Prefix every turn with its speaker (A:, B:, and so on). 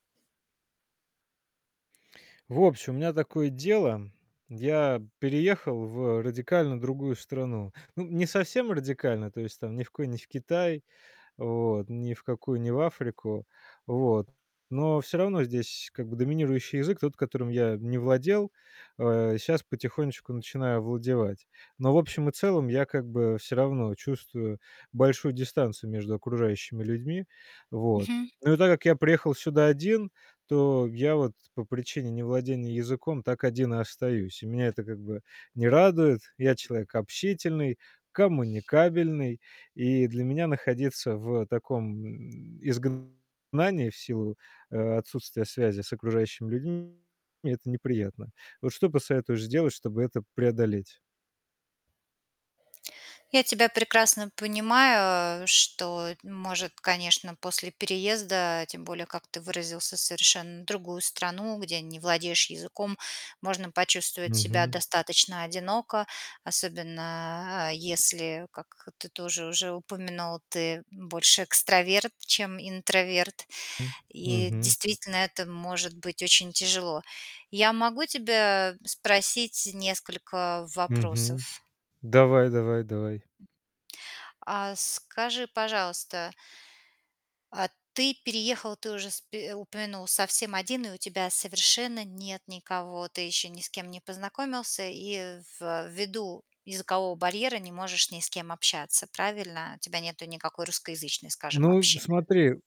A: В общем, у меня такое дело я переехал в радикально другую страну. Ну, не совсем радикально, то есть, там, ни в кои не в Китай, вот, ни в какую не в Африку, вот. Но всё равно здесь как бы доминирующий язык, тот, которым я не владел, э, сейчас потихонечку начинаю овладевать. Но в общем и целом я как бы всё равно чувствую большую дистанцию между окружающими людьми, вот.
B: Мгм.
A: Ну и так как я приехал сюда один, то я вот по причине невладения языком так один и остаюсь. И меня это как бы не радует. Я человек общительный, коммуникабельный, и для меня находиться в таком изгнании в силу о отсутствия связи с окружающими людьми это неприятно. Вот что посоветуешь сделать, чтобы это преодолеть?
B: Я тебя прекрасно понимаю, что н может, конечно, после переезда, тем более, как ты выразился, совершенно другую страну, где не владеешь языком, можно почувствовать себя
A: Мгм.
B: достаточно одиноко, особенно, а, если, как ты тоже уже упомянул, ты больше экстраверт, чем интроверт,
A: М.
B: и
A: Мгм.
B: действительно это может быть очень тяжело. Я могу тебя спросить несколько
A: Мгм.
B: вопросов?
A: Давай давай давай.
B: А скажи, пожалуйста а ты переехал, ты уже спи упомянул совсем один, и у тебя совершенно нет никого, ты ещё ни с кем не познакомился, и ввиду языкового барьера не можешь ни с кем общаться, правильно? У тебя нету никакой русскоязычной, скажем,
A: Ну,
B: общины.
A: смотри